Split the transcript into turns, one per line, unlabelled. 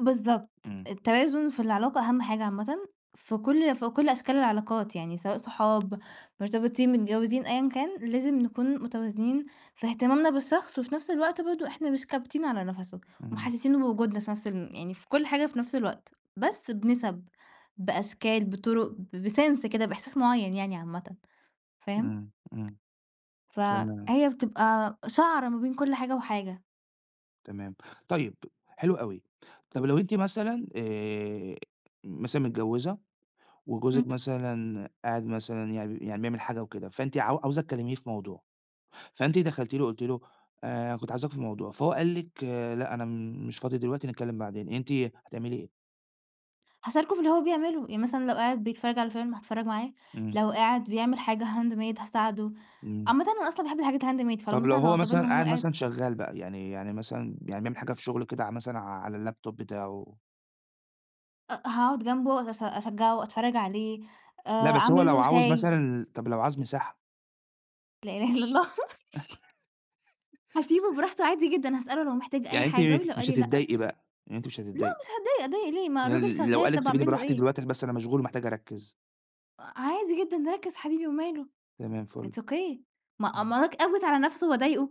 بالضبط،
إمم.
التوازن في العلاقة أهم حاجة عامةً في كل ي في كل أشكال العلاقات يعني سواء صحاب مرتبطين متجوّزين أيًا كان لازم نكون متوازنين في اهتمامنا بالشخص، وفي نَفْس الوقت برضه إحنا مش كابتين على نفَسُه
إمم.
ومحسسينه بوجودنا في نَفْس الم يعني في كل حاجة في نَفْس الوقت، بس بنِسَب، بأشكال، بطُرُق ب بsense كده بإحساس معيّن يعني عامةً. فاهم؟
إمم إمم. تمام.
فهي بتبقى شَعرة ما بين كل حاجة وحاجة.
تمام. طيّب حلو أوي. طَب لو أنتِ مثلًا، آآ مثلًا متجوّزة
إمم
وجوزِك
أ
مثلًا قاعد مثلًا يع بي يعني بيعمل حاجة وكده فأنت عاو عاوزة تكلّميه في موضوع فأنتِ دخَلتِ له، قُلتِ له آآ كنت عاوزاك في موضوع، فهو قال لِك لأ، أنا مش فاضي دلوقتي، نتكلّم بعدين. أنتِ هتعملي إيه؟
هاشاركه في اللي هو بيعمله، يعني مثلًا لو قاعد بيتفرّج على فيلم هاتفرّج معاه،
إمم.
لو قاعد بيعمل حاجة handmade هاساعده.
إمم.
عامةً أنا أصلًا باحب الحاجات الhandmade فلو
طَب لو
مثلًا لو
هو مثلًا
اعتبرنا هو
قاعد
قاعد
مثلًا شغّال بقى، يعني يعني مثلًا يعني بيعمل حاجة في شُغله كده ع مثلًا ع على الLaptop بتاعه؟
أ هاقعُد جنبه أش أشجّعه وأتفرّج عليه،
لأ،
آآ
بس هو
أعمل
لو
له
عاوز مثلًا
شاي.
ال طَب لو عاوز مساحة؟
لا إله إلا الله. هاسيبه براحته عادي جدًا، هاسأله لو محتاج أي
يعني أنتِ
حاجة ولو قال
مش
لي لأ
هتضايقي بقى؟ يعني أنتِ مش
لا
هتضايقي؟
مش هاتضايق، أتضايق ليه ما
يعني
الراجل
ل لو
شغّال.
قال لِك
طَب
سيبيني
أعمل له
براحتي
إيه؟
دلوقتي، عشان بس أنا مشغول ومحتاج أرَكِّز؟
عادي جدًا ركِّز حبيبي وماله،
تمام فُل.
it's okay. ما
إمم.
أمّال أك أكبِت على نفَسُه وأضايقه؟!